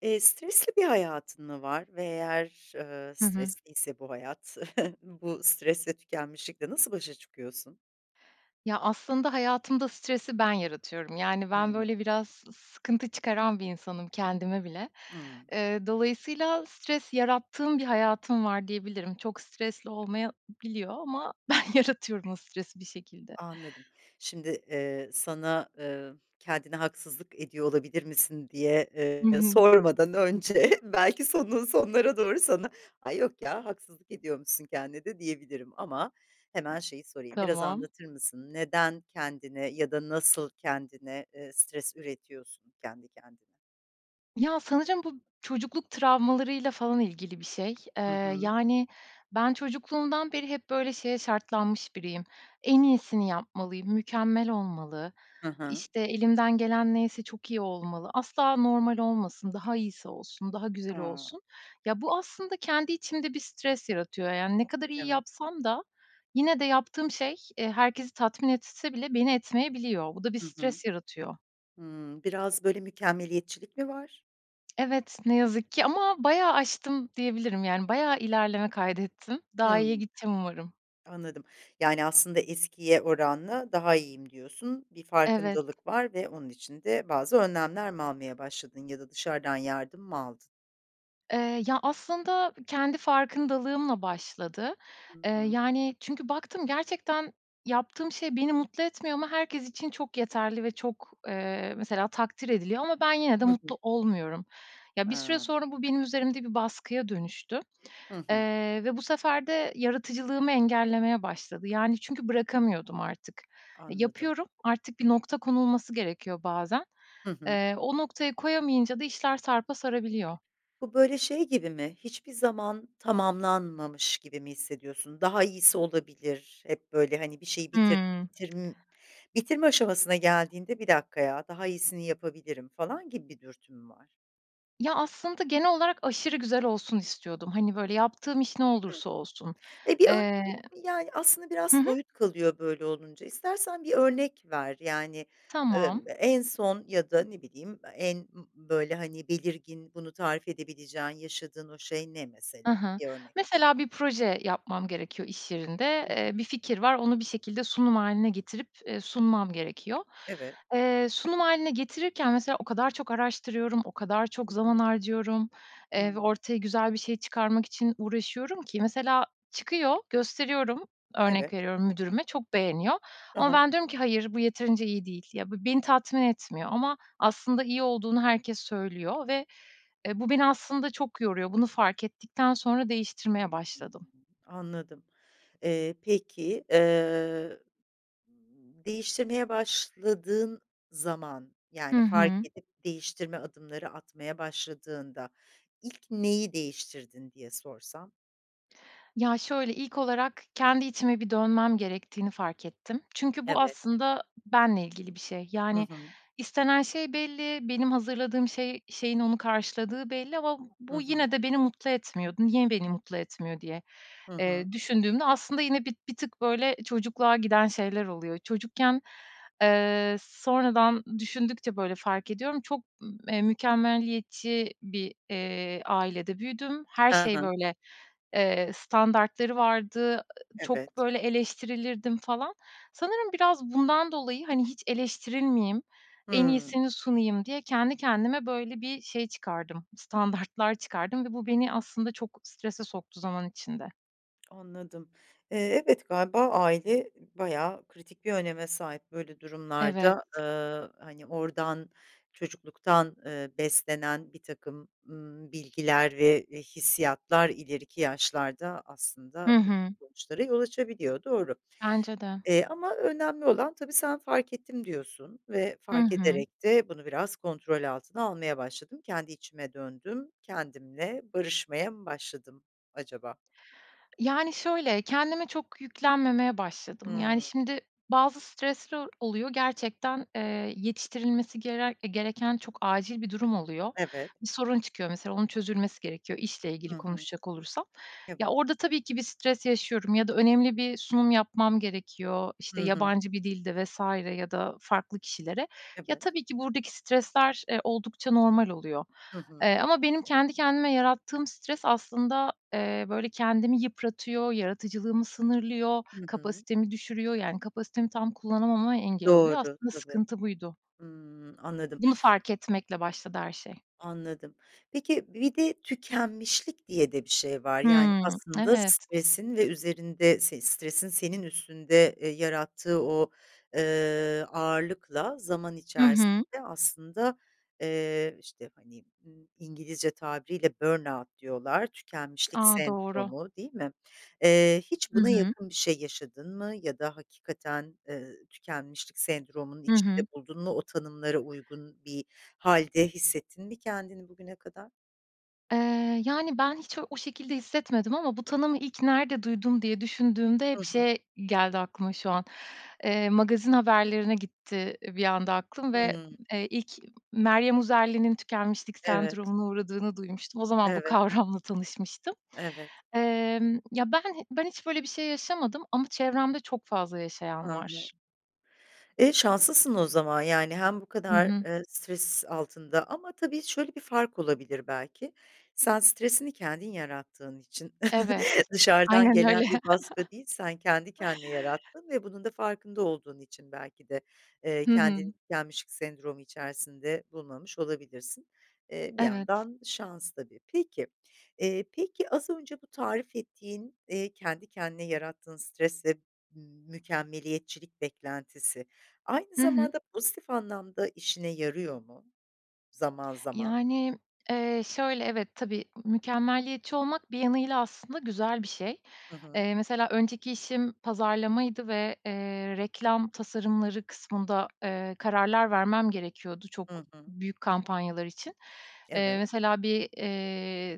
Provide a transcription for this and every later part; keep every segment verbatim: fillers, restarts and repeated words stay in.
Eee, stresli bir hayatın mı var ve eğer, eee, Hı hı. stresliyse bu hayat, bu stresle tükenmişlikle nasıl başa çıkıyorsun? Ya, aslında hayatımda stresi ben yaratıyorum. Yani, ben, Hımm. böyle, biraz sı sıkıntı çıkaran bir insanım kendime bile. Hıı. Eee, dolayısıyla stres yarattığım bir hayatım var diyebilirim. Çok stresli olmayabiliyor ama ben yaratıyorum o stresi bir şekilde. Anladım. Şimdi, eee, sana, ııı, kendine haksızlık ediyor olabilir misin diye, Hı ııı, hı. sormadan önce belki sonunun, sonlarına doğru sana, ay yok ya haksızlık ediyormuşsun kendine de diyebilirim ama hemen şeyi sorayım, biraz Tamam. anlatır mısın neden kendine ya da nasıl kendine, ııı, stres üretiyorsun kendi kendine? Ya, sanırım bu çocukluk travmalarıyla falan ilgili bir şey. Eee, Hı hı. yani, ben çocukluğumdan beri hep, böyle, şeye şartlanmış biriyim. En iyisini yapmalıyım, mükemmel olmalı. Hı hı. İşte, elimden gelen neyse çok iyi olmalı, asla normal olmasın, daha iyisi olsun, daha güzel Ha. olsun. Ya, bu aslında kendi içimde bir stres yaratıyor. Yani, ne kadar iyi Evet. yapsam da yine de yaptığım şey, eee, herkesi tatmin etse bile beni etmeyebiliyor. Bu da bir Hı hı. stres yaratıyor. Hımm. Biraz, böyle, mükemmeliyetçilik mi var? Evet, ne yazık ki ama bayağı aştım diyebilirim. Yani, bayağı ilerleme kaydettim. Daha iyiye Hımm. gideceğim umarım. Anladım. Yani, aslında eskiye oranla daha iyiyim, diyorsun. Bir Evet. farkındalık var ve onun için de bazı önlemler mi almaya başladın ya da dışarıdan yardım mı aldın? Iıı, ya, aslında kendi farkındalığımla başladı. Hı Iıı, hı. yani, çünkü baktım gerçekten yaptığım şey beni mutlu etmiyor ama herkes için çok yeterli ve çok, ııı, mesela takdir ediliyor ama ben yine de Hı hı. mutlu olmuyorum. Ya, bir süre Hımm. sonra, bu benim üzerimde bir baskıya dönüştü, Hı hı. ııı, ve bu sefer de yaratıcılığımı engellemeye başladı. Yani, çünkü bırakamıyordum artık, Anladım. yapıyorum, artık bir nokta konulması gerekiyor bazen. Hı hı. Iıı, o noktayı koyamayınca da işler sarpa sarabiliyor. Bu, böyle, şey gibi mi, hiçbir zaman tamamlanmamış gibi mi hissediyorsun? Daha iyisi olabilir, hep, böyle, hani, bir şeyi bitir Hımm. bitirm bitirme aşamasına geldiğinde bir dakikaya daha iyisini yapabilirim falan gibi bir dürtü mü var? Ya, aslında genel olarak aşırı güzel olsun istiyordum. Hani, böyle, yaptığım iş ne Hıh. olursa olsun. E, bir örnek Eee ve, yani, aslında biraz hı hı. soyut kalıyor böyle olunca istersen bir örnek ver, yani, Tamam. ımm, en son ya da ne bileyim e en ımm, böyle, hani, belirgin bunu tarif edebileceğin yaşadığın o şey ne Hı mesela, hı. bir örnek? Mesela bir proje yapmam gerekiyor iş yerinde, Hı hı. ııı, bir fikir var, onu bir şekilde sunum hâline getirip, ııı, sunmam gerekiyor. Evet. Eee, sunum hâline getirirken mesela o kadar çok araştırıyorum, o kadar Hı çok hı. zaman harcıyorum, ııı, ve Hıı. ortaya güzel bir şey çıkarmak için uğraşıyorum ki mesela çıkıyor, gösteriyorum. Örnek Evet. veriyorum müdürüme, çok beğeniyor Hı ama hı. ben diyorum ki, "hayır bu yeterince iyi değil." Ya be beni tatmin etmiyor ama aslında iyi olduğunu herkes söylüyor ve, e, bu beni aslında çok yoruyor. Bunu fark ettikten sonra değiştirmeye [unintelligible] başladım. Anladım. Eee, peki, eee, değiştirmeye başladığın zaman, Hı yani, fark hı. edip değiştirme adımları atmaya başladığında ilk neyi değiştirdin diye sorsam? Ya, şöyle, ilk olarak kendi içime bir dönmem gerektiğini fark ettim çünkü bu Evet. aslında benimle ilgili bir şey. Hı Yani, hı. istenen şey belli, benim hazırladığım şey şeyin onu karşıladığı belli ama b Hı bu hı. yine de beni mutlu etmiyordu. "Niye beni mutlu etmiyor?" diye, Hı hı. eee, düşündüğümde aslında yine bir bir tık, böyle, çocukluğa giden şeyler oluyor. Çocukken, eee, sonradan düşündükçe, böyle, fark ediyorum çok, ımm, eee, mükemmeliyetçi bir, eee, ailede büyüdüm. Her Ha şey, ha. böyle, eee, standartları vardı, çok, Evet. böyle, eleştirilirdim falan. Sanırım biraz bundan dolayı, hani, hiç eleştirilmeyeyim, en Hımm. iyisini sunayım diye kendi kendime böyle bir şey çıkardım, standartlar çıkardım ve bu beni aslında çok strese soktu zaman içinde. Anladım. Eee, evet, galiba aile bayağı kritik bir öneme sahip böyle Evet. durumlarda, ııı, hani, oradan, çocukluktan, eee, beslenen birtakım, ımm, bilgiler ve, eee, hissiyatlar ileriki yaşlarda aslında Hı bu tür hı. sonuçlara yol açabiliyor, doğru. Bence de. Eee, ama önemli olan tabii sen, "Fark ettim" diyorsun ve: Hı "Fark hı. ederek de bunu biraz kontrol altına almaya başladım. Kendi içime döndüm, kendimle barışmaya mı başladım, acaba?" Yani, şöyle, kendime çok yüklenmemeye başladım. Yani, Hıı. şimdi, bazı stresler oluyor gerçekten, eee, yetiştirilmesi gerer eee, gereken çok acil bir durum oluyor. Evet. Bir sorun çıkıyor mesela onun çözülmesi gerekiyor, işle ilgili Hı hı. konuşacak olursam. Ya, Evet. orada tabii ki bir stres yaşıyorum ya da önemli bir sunum yapmam gerekiyor, işte, Hı hı. yabancı bir dilde vs. ya da farklı kişilere. Ya, Evet. tabii ki buradaki stresler, eee, oldukça normal oluyor. Hı hı. Eee, ama benim kendi kendime yarattığım stres aslında, eee, böyle, kendimi yıpratıyor, yaratıcılığımı sınırlıyor, Hı hı. kapasitemi düşürüyor. Yani, kapasitemi tam kullanamama engel oluyor. Doğru, Aslında tabii. sıkıntı buydu. Hımm, anladım. Bunu fark etmekle başladı her şey. Anladım. Peki, bir de tükenmişlik diye de bir şey var, yani, Hımm, aslında evet. stresin ve üzerinde s stresin senin üstünde, eee, yarattığı o, eee, ağırlıkla zaman Hı hı. içerisinde aslında, eee, işte, hani, ımm, İngilizce tabiriyle burn out diyorlar, tükenmişlik A! Doğru. sendromu, değil mi? Eee, hiç Hı buna hı. yakın bir şey yaşadın mı ya da hakikaten, eee, tükenmişlik sendromunun Hı içinde hı. buldun mu, o tanımlara uygun bir hâlde hissettin mi kendini bugüne kadar? Eee, yani, ben hiç u o şekilde hissetmedim ama bu tanımı ilk nerede duydum diye düşündüğümde hep Hı hı. şey geldi aklıma şu an, eee, magazin haberlerine gitti bir anda aklım ve, Hıı. eee, ilk Meryem Uzerli'nin tükenmişlik Evet. sendromuna uğradığını duymuştum. O zaman bu Evet. kavramla tanışmıştım. Evet. Emm, ya, ben ben hiç böyle bir şey yaşamadım ama çevremde çok fazla Hı yaşayan hı. var. Eee, şanslısın o zaman, yani, hem bu Hı kadar, hı. eee, stres altında ama, tabii, şöyle bir fark olabilir belki, sen stresini kendin yarattığın için Evet. dışarıdan Aynen gelen öyle. bir baskı değil, sen kendi kendine yarattın ve bunun da farkında olduğun için belki de, eee, Hı hı. kendini tükenmişlik sendromu içerisinde bulmamış olabilirsin. Eee, bir Evet. yandan şans, tabii. Peki, eee, peki, az önce bu tarif ettiğin, eee, kendi kendine yarattığın stresle m mükemmeliyetçilik beklentisi aynı Hı hı. zamanda pozitif anlamda işine yarıyor mu zaman, zaman? Yani, eee, şöyle, evet, tabii, mükemmeliyetçi olmak bir yanıyla aslında güzel bir şey. Hı hı. Eee, mesela, önceki işim pazarlamaydı ve, eee, reklam tasarımları kısmında, eee, kararlar vermem gerekiyordu çok Hı hı. büyük kampanyalar için. Eee, Evet. mesela, bir, eee,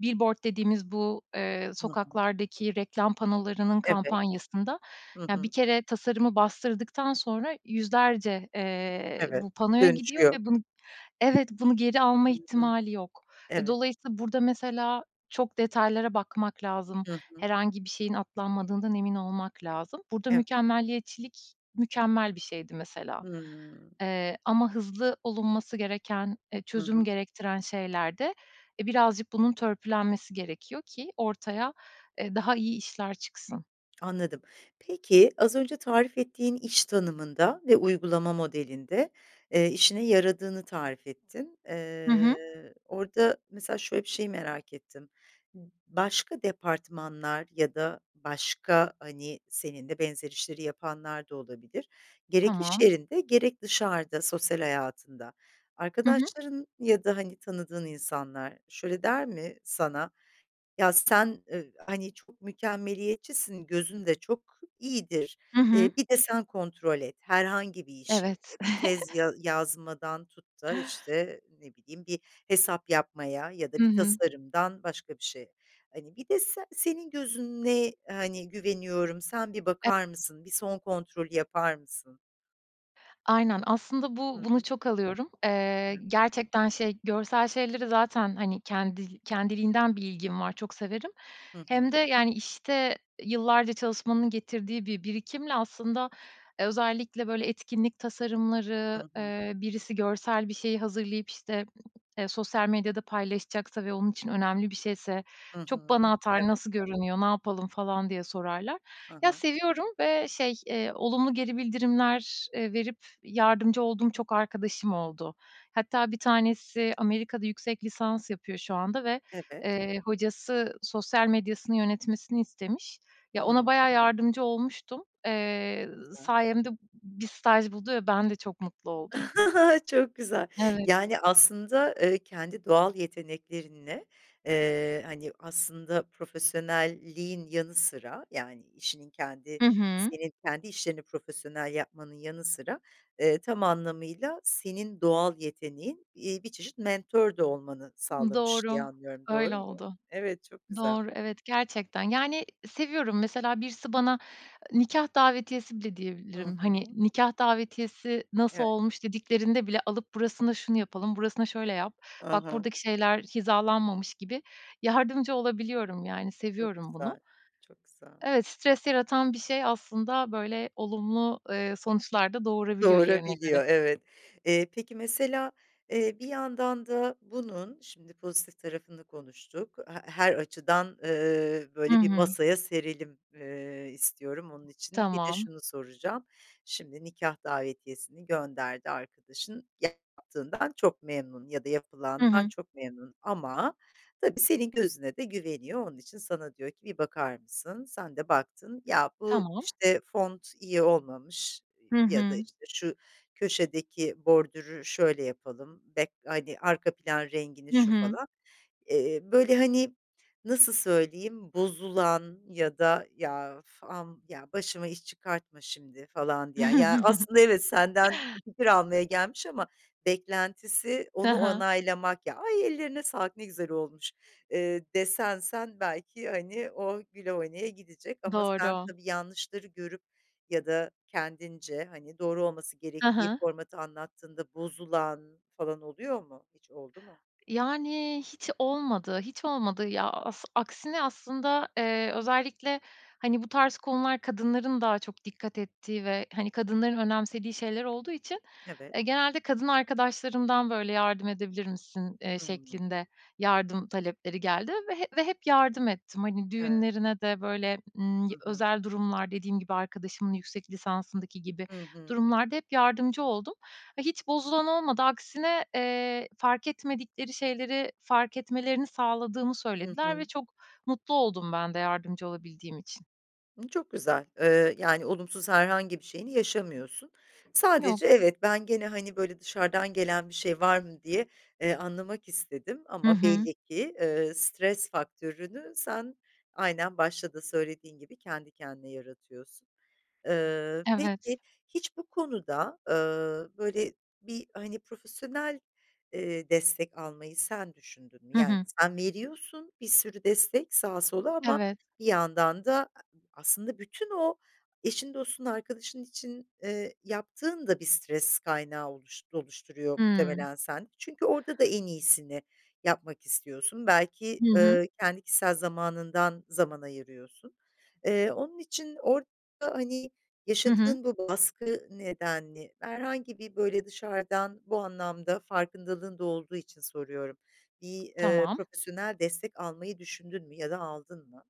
billboard dediğimiz bu, eee, Hı hı. sokaklardaki reklam panolarının Evet. kampanyasında, Hı ya, bir hı. kere tasarımı bastırdıktan sonra yüzlerce, eee, Evet, bu panoya dönüşü gidiyor yok. ve bunu, evet, bunu geri alma Hı hı. ihtimali yok. E, Evet. dolayısıyla burada, mesela, çok detaylara bakmak lazım. Hı hı. Herhangi bir şeyin atlanmadığından emin olmak lazım. Burada Evet. mükemmeliyetçilik mükemmel bir şeydi, mesela. Hımm. Eee, ama hızlı olunması gereken, eee, Hı hı. çözüm gerektiren şeylerde, eee, birazcık bunun törpülenmesi gerekiyor ki ortaya, eee, daha iyi işler çıksın. Anladım. Peki, az önce tarif ettiğin iş tanımında ve uygulama modelinde, eee, işine yaradığını tarif ettin. Hı Eee, hı. orada, mesela, şöyle bir şeyi merak ettim. B başka departmanlar ya da başka, hani, seninle benzer işleri yapanlar da olabilir, gerek iş Tamam. yerinde gerek dışarıda sosyal hayatında Hı hı. arkadaşların ya da, hani, tanıdığın insanlar şöyle der mi sana: "Ya, sen, ı hani, çok mükemmeliyetçisin, gözün de çok iyidir, Hı hı. eee, bir de sen kontrol et herhangi bir işi, Evet. bir tez, ya yazmadan tut da, işte, ne bileyim, bir hesap yapmaya ya da Hı bir hı. tasarımdan başka bir şeye." Hani, bir de, "Se senin gözüne, hani, güveniyorum, sen bir [unintelligible] bakar mısın, bir son kontrolü yapar mısın?" Aynen, aslında, bu Hı bunu hı. çok alıyorum. Eee, [unintelligible] gerçekten, şey, görsel şeyleri zaten, hani, kendi kendiliğinden bir ilgim var, çok severim. Hı Hem de, hı. yani, işte, yıllarca çalışmanın getirdiği bir birikimle, aslında, eee, özellikle böyle etkinlik Hı tasarımları, hı. eee, birisi görsel bir şeyi hazırlayıp, işte, e sosyal medyada paylaşacaksa ve onun için önemli bir şeyse Hı çok hı. bana atar, Evet. "Nasıl görünüyor, ne yapalım?" falan diye sorarlar. Ha Ya, ha. seviyorum ve, şey, eee, olumlu geri bildirimler, eee, verip yardımcı olduğum çok arkadaşım oldu. Hatta, bir tanesi Amerika'da yüksek lisans yapıyor şu anda ve, Evet. eee, hocası sosyal medyasını yönetmesini istemiş. Ya, ona Hıı. bayağı yardımcı olmuştum. Eee, Güzel. sayemde b bir staj buldu ve ben de çok mutlu oldum. Çok güzel. Evet. Yani, aslında, eee, kendi doğal yeteneklerinle, eee, hani, aslında, profesyonelliğin yanı sıra, yani, işinin kendi Hı hı. senin kendi işlerini profesyonel yapmanın yanı sıra, eee, tam anlamıyla senin doğal yeteneğin, iii, bir çeşit mentor de olmanı Imm, sağlamış doğru, diye anlıyorum, öyle doğru mu? oldu. Evet, çok güzel. Doğru, evet, gerçekten, yani, seviyorum, mesela, birisi bana nikâh davetiyesi bile Hı diyebilirim. Hani, hı. nikâh davetiyesi, "Nasıl Evet. olmuş?" dediklerinde bile alıp burasına şunu yapalım, burasına şöyle yap, I bak, hı. buradaki şeyler hizalanmamış gibi yardımcı olabiliyorum. Yani, Çok seviyorum bunu. güzel, çok güzel. Evet, stres yaratan bir şey, aslında, böyle olumlu, eee, sonuçlar da doğurabiliyor yerine göre. Doğurabiliyor, evet. Eee, peki, mesela, eee, bir yandan da bunun, şimdi, pozitif tarafını konuştuk, he her açıdan, ııı, I böyle bir hı. masaya serelim, ııı, istiyorum. Onun için, bir de Tamam. şunu soracağım: Şimdi, nikâh davetiyesini gönderdi arkadaşın, yaptığından çok memnun ya da Hı yapılandan hı. çok memnun, ama tabii senin gözüne de güveniyor. Onun için sana diyor ki, "Bir bakar mısın?" Sen de baktın, "Ya, bu, Tamam. işte, font iyi olmamış, ııı, Hı ya da, hı. işte, şu köşedeki bordürü şöyle yapalım, back hani, arka plan rengini Hı şu hı. falan." Eee, böyle, hani, nasıl söyleyeyim, bozulan ya da, "Ya, uf, am ya, başıma iş çıkartma şimdi." falan diyen? Ya, aslında, evet, senden fikir almaya gelmiş ama beklentisi Hı onu hı. onaylamak. "Ya, ay, ellerine sağlık, ne güzel olmuş." ııı, desen sen, belki, hani, o güle oynaya gidecek ama sen, Doğru. tabii, yanlışları görüp ya da kendince, hani, doğru olması Hı gerektiği hı. formatı anlattığında bozulan falan oluyor mu, hiç oldu mu? Yani, hiç olmadı, hiç olmadı, ya, as aksine, aslında, eee, özellikle, hani, bu tarz konular kadınların daha çok dikkat ettiği ve, hani, kadınların önemsediği şeyler olduğu için, Evet. eee, genelde kadın arkadaşlarımdan böyle, "Yardım edebilir misin?" eee, Hıı. şeklinde yardım talepleri geldi ve hep ve hep yardım ettim. Hani, [unintelligible] düğünlerine de böyle, ımm, Hı y hı. özel durumlar, dediğim gibi, arkadaşımın yüksek lisansındaki gibi Hı hı. durumlarda hep yardımcı oldum. Hiç bozulan olmadı. Aksine, eee, fark etmedikleri şeyleri fark etmelerini sağladığımı Hı söylediler ve hı. çok mutlu oldum ben de yardımcı olabildiğim için. Imm, çok güzel. Iıı, yani, olumsuz herhangi bir şeyini yaşamıyorsun. Sadece Yok. evet, ben gene, hani, böyle, dışarıdan gelen bir şey var mı diye, eee, anlamak istedim Hı ama hı. belli ki, ııı, stres faktörünü sen, aynen başta da söylediğin gibi kendi kendine yaratıyorsun. Iıı, Evet. peki hiç bu konuda, ııı, böyle, bir, hani, profesyonel, eee, destek almayı sen düşündün mü? Hı Yani, hı. sen veriyorsun bir sürü destek sağa sola ama Evet. bir yandan da, aslında bütün o eşin, dostun, arkadaşın için, eee, yaptığın da bir stres kaynağı oluş oluşturuyor Hıı. muhtemelen sende. Çünkü orada da en iyisini yapmak istiyorsun. Belki, Hı hı. ııı, kendi kişisel zamanından zaman ayırıyorsun. Eee, onun için orada, hani, Hı hı. yaşadığın bu baskı nedenli, herhangi bir, böyle, dışarıdan bu anlamda farkındalığın da olduğu için soruyorum, bir, eee, Tamam. profesyonel destek almayı düşündün mü ya da aldın mı?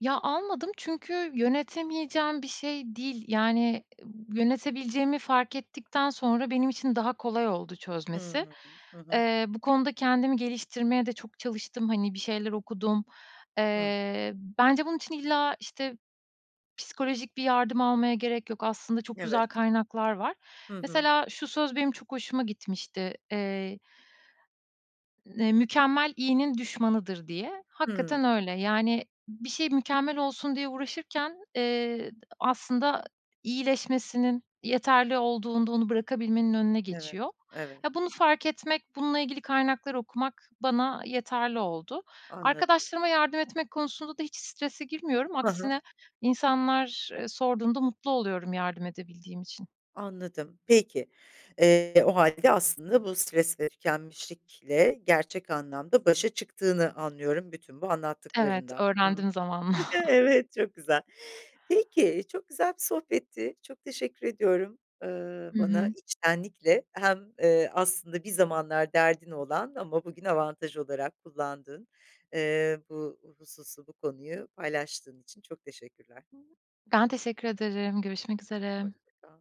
Ya, almadım çünkü yönetemeyeceğim bir şey değil. Yani, b yönetebileceğimi fark ettikten sonra benim için daha kolay oldu çözmesi. Hımm. Hı hı. Eee, bu konuda kendimi geliştirmeye de çok çalıştım, hani, bir şeyler okudum. Hıh. Eee, bence bunun için illa, işte, psikolojik bir yardım almaya gerek yok. Aslında çok güzel Evet. kaynaklar var. Hı hı. Mesela şu söz benim çok hoşuma gitmişti. Eee ne "Mükemmel iyinin düşmanıdır." diye. Hakikaten Hımm. öyle. Yani, b bir şey mükemmel olsun diye uğraşırken, eee, d aslında iyileşmesinin, yeterli olduğunda onu bırakabilmenin önüne Evet, geçiyor. evet. Ya, bunu fark etmek, bununla ilgili kaynaklar okumak bana, ııı, yeterli oldu. Anladım. Arkadaşlarıma yardım etmek konusunda da hiç strese girmiyorum. Hı hı. Aksine insanlar, ııı, sorduğunda mutlu oluyorum yardım edebildiğim için. Anladım. Peki, eee, o hâlde aslında bu stres ve tükenmişlikle gerçek anlamda başa çıktığını anlıyorum bütün bu Evet, anlattıklarından. Hı hı. öğrendim zamanla. Evet, çok güzel. Peki, çok güzel bir sohbetti, çok teşekkür ediyorum, ııı, Hı bana hı. içtenlikle hem, ııı, aslında bir zamanlar derdin olan ama bugün avantaj olarak kullandığın, eee, bu hususu, bu konuyu paylaştığın için çok teşekkürler. Ben teşekkür ederim, görüşmek üzere. Hoşça kal.